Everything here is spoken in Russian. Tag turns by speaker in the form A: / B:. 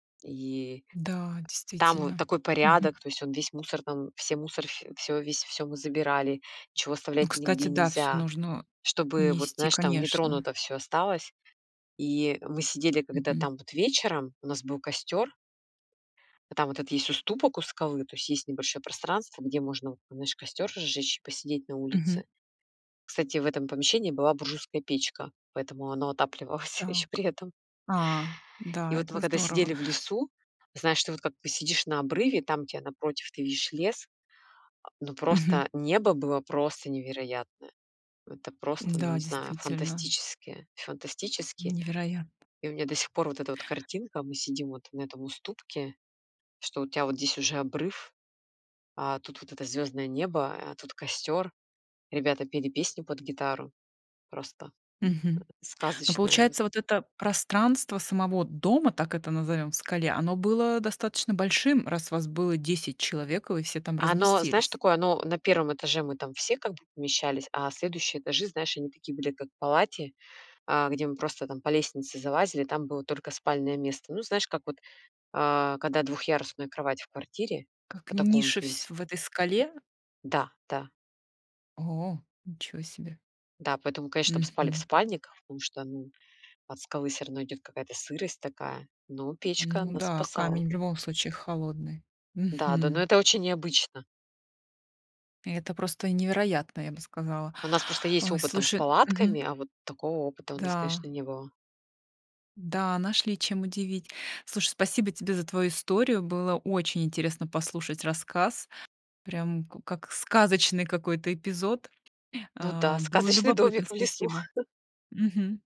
A: И
B: Да,
A: там вот
B: действительно.
A: такой
B: Мгм.
A: порядок, то есть он весь мусор там, все, мусор, ф всё, весь, всё мы забирали, чего
B: Ну,
A: оставлять
B: кстати,
A: нигде
B: да, всё
A: нельзя,
B: нужно
A: чтобы вот,
B: унести,
A: знаешь, там
B: конечно.
A: нетронуто всё осталось. И мы сидели, когда
B: Мгм.
A: там вот вечером у нас был костёр а там вот этот есть уступок у скалы, то есть есть небольшое пространство, где можно вот, знаешь, костёр разжечь и посидеть на
B: Мгм.
A: улице. Кстати, в этом помещении была буржуйская печка, поэтому оно отапливалась ещё
B: Так,
A: при этом.
B: а,
A: И
B: да,
A: вот
B: это
A: мы, когда
B: здорово.
A: сидели в лесу, знаешь, ты вот, как ты посидишь на обрыве, там, где напротив ты видишь лес, а, но
B: Мгм.
A: просто небо было просто невероятное. Это просто, ну,
B: Да,
A: не знаю,
B: действительно.
A: фантастически фантастически.
B: Невероя
A: И у меня до сих пор вот эта вот картинка: мы сидим вот на этом уступке, что у тебя вот здесь уже обрыв, а тут вот это звёздное небо, а тут костёр, ребята пели песню под гитару, просто,
B: Мгм,
A: э,
B: но
A: сказочное вот.
B: получается, вот это пространство самого дома, так это назовём, в скале, оно было достаточно большим, раз вас было 10 человек и вы все там
A: Оно, знаешь,
B: разместились.
A: такое. Оно на 1 этаже- мы там все как бы помещались, а следующие этажи, знаешь, они такие были, как в палате, а, где мы просто там по лестнице залазили- там было только спальное место. Ну, знаешь, как вот, э, когда двухъярусная кровать в квартире,
B: Как
A: по такому
B: ниши в
A: принци
B: сь в этой скале?
A: Да-да.
B: О, ничего себе.
A: Да, поэтому, конечно, чтоб спали в
B: Мгм.
A: спальниках, потому что, ну, от скалы всё равно идёт какая-то сырость такая, но печка
B: Ну
A: нас
B: да,
A: спасала.
B: камень в любом случае холодный.
A: Да-да, но
B: Мгм.
A: это очень необычно.
B: Это просто невероятно, я бы сказала.
A: У нас просто есть
B: Ой,
A: опыт там с
B: слушай
A: палатками,
B: Мгм.
A: а вот такого опыта у нас, конечно,
B: Да.
A: не было.
B: Да, нашли чем удивить. Слушай, спасибо тебе за твою историю. Было очень интересно послушать рассказ, прям ку как сказочный какой-то эпизод,
A: Ну да,
B: а. Было
A: сказочный
B: любопытно,
A: домик в лесу.
B: спасибо. Мгм.